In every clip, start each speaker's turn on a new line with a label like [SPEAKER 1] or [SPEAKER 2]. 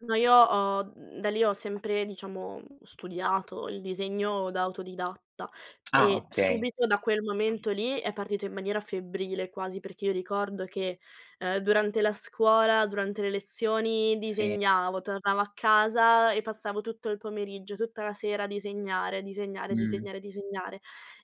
[SPEAKER 1] No, io ho, mhmm, da lì ho sempre, diciamo, studiato il disegno da autodidatta,
[SPEAKER 2] Ah
[SPEAKER 1] e
[SPEAKER 2] okay.
[SPEAKER 1] subito da quel momento lì è partito in maniera febbrile quasi, perché io ricordo che, uhm, durante la scuola, durante le lezioni
[SPEAKER 2] Sì.
[SPEAKER 1] disegnavo, tornavo a casa e passavo tutto il pomeriggio, tutta la sera a disegnare, a disegnare,
[SPEAKER 2] Mh.
[SPEAKER 1] disegnare, disegnare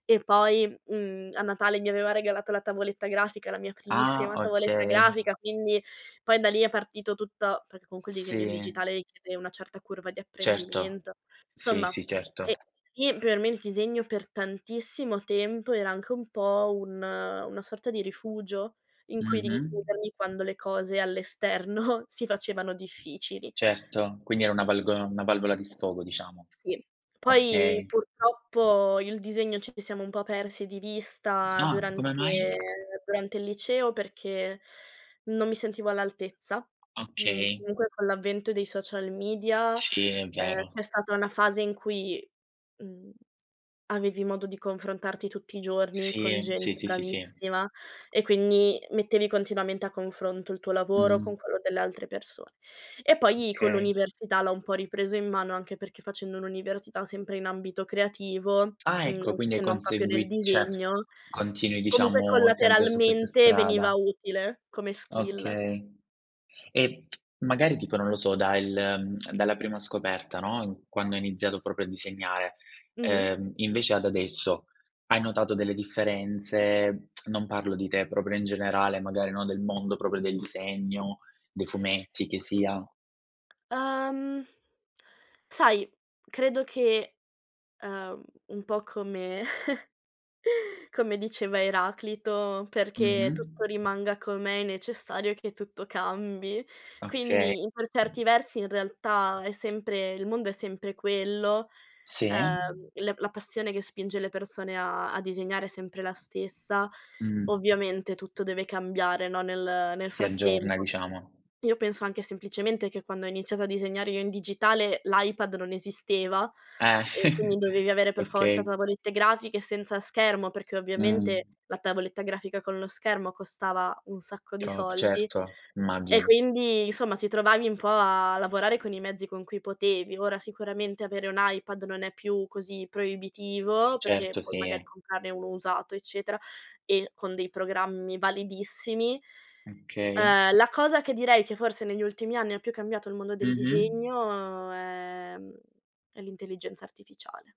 [SPEAKER 1] e poi, mhmm, a Natale mi aveva regalato la tavoletta grafica, la mia
[SPEAKER 2] Ah,
[SPEAKER 1] primissima tavoletta
[SPEAKER 2] okay.
[SPEAKER 1] grafica, quindi poi da lì è partito tutto, perché comunque il disegno in
[SPEAKER 2] Sì.
[SPEAKER 1] digitale richiede una certa curva di
[SPEAKER 2] Certo,
[SPEAKER 1] apprendimento.
[SPEAKER 2] sì,
[SPEAKER 1] Insomma,
[SPEAKER 2] sì, certo.
[SPEAKER 1] ehm, e sì per me il disegno per tantissimo tempo era anche un po' un una sorta di rifugio in cui
[SPEAKER 2] Mh-mh.
[SPEAKER 1] rinchiudermi quando le cose all' esterno si facevano difficili.
[SPEAKER 2] Certo. Quindi era una valgo una valvola di sfogo diciamo.
[SPEAKER 1] Sì, poi
[SPEAKER 2] Okay.
[SPEAKER 1] purtroppo, io e il disegno ci siamo un po' persi di vista
[SPEAKER 2] Ah, come
[SPEAKER 1] durante
[SPEAKER 2] mai?
[SPEAKER 1] durante il liceo, perché non mi sentivo all'altezza. Mhmm,
[SPEAKER 2] Okay.
[SPEAKER 1] comunque con l'avvento dei social media,
[SPEAKER 2] Sciì, è
[SPEAKER 1] ehm,
[SPEAKER 2] vero.
[SPEAKER 1] c'è stata una fase in cui, mhmm, avevi modo di confrontarti tutti i giorni, con
[SPEAKER 2] Sì, sì,
[SPEAKER 1] gente
[SPEAKER 2] sì, sì, sì.
[SPEAKER 1] bravissima e quindi mettevi continuamente a confronto, il tuo lavoro con
[SPEAKER 2] Mh.
[SPEAKER 1] quello delle altre persone. E poi con
[SPEAKER 2] kay.
[SPEAKER 1] l'università l'ho un po' ripreso in mano, anche perché facendo l'università sempre in ambito creativo,
[SPEAKER 2] Ah,
[SPEAKER 1] mhmm,
[SPEAKER 2] ecco. Quindi hai
[SPEAKER 1] se non proprio nel
[SPEAKER 2] consegui cioè
[SPEAKER 1] disegno,
[SPEAKER 2] continui
[SPEAKER 1] comunque
[SPEAKER 2] diciamo, sempre su questa
[SPEAKER 1] collateralmente veniva
[SPEAKER 2] strada.
[SPEAKER 1] utile come skill.
[SPEAKER 2] Okay. E magari tipo, non lo so, dal dalla prima scoperta, no, quando hai iniziato proprio a disegnare,
[SPEAKER 1] Mh-mh.
[SPEAKER 2] uhm, invece ad adesso hai notato delle differenze, non parlo di te, proprio in generale, magari no, del mondo proprio del disegno, dei fumetti che sia.
[SPEAKER 1] Uhm, sai, credo che, uhm, un po' come come diceva Eraclito: "Perché
[SPEAKER 2] Mh-mh.
[SPEAKER 1] tutto rimanga com'è è necessario che tutto cambi".
[SPEAKER 2] Okay.
[SPEAKER 1] Quindi, in per certi versi, in realtà, è sempre il mondo è sempre quello,
[SPEAKER 2] Sì.
[SPEAKER 1] uhm, la la passione che spinge le persone a a disegnare è sempre la stessa.
[SPEAKER 2] Mh.
[SPEAKER 1] Ovviamente tutto deve cambiare, no, nel nel
[SPEAKER 2] Si aggiorna,
[SPEAKER 1] frattempo.
[SPEAKER 2] diciamo.
[SPEAKER 1] Io penso anche semplicemente che quando ho iniziato a disegnare io in digitale l'iPad non esisteva,
[SPEAKER 2] Eh.
[SPEAKER 1] e quindi dovevi avere per forza
[SPEAKER 2] Okay.
[SPEAKER 1] tavolette grafiche, senza schermo perché ovviamente
[SPEAKER 2] Mh.
[SPEAKER 1] la tavoletta grafica con lo schermo, costava un sacco di
[SPEAKER 2] Trop
[SPEAKER 1] soldi
[SPEAKER 2] certo,
[SPEAKER 1] e
[SPEAKER 2] immagino.
[SPEAKER 1] quindi insomma ti trovavi un po' a lavorare, con i mezzi con cui potevi. Ora sicuramente avere un iPad non è più così proibitivo, perché
[SPEAKER 2] Certo,
[SPEAKER 1] poi magari
[SPEAKER 2] sì.
[SPEAKER 1] comprarne uno usato eccetera, e con dei programmi validissimi.
[SPEAKER 2] Okay.
[SPEAKER 1] Ehm, la cosa che direi che forse negli ultimi anni più cambiato il mondo del
[SPEAKER 2] Mh-mh.
[SPEAKER 1] disegno è mhmm, è l'intelligenza artificiale.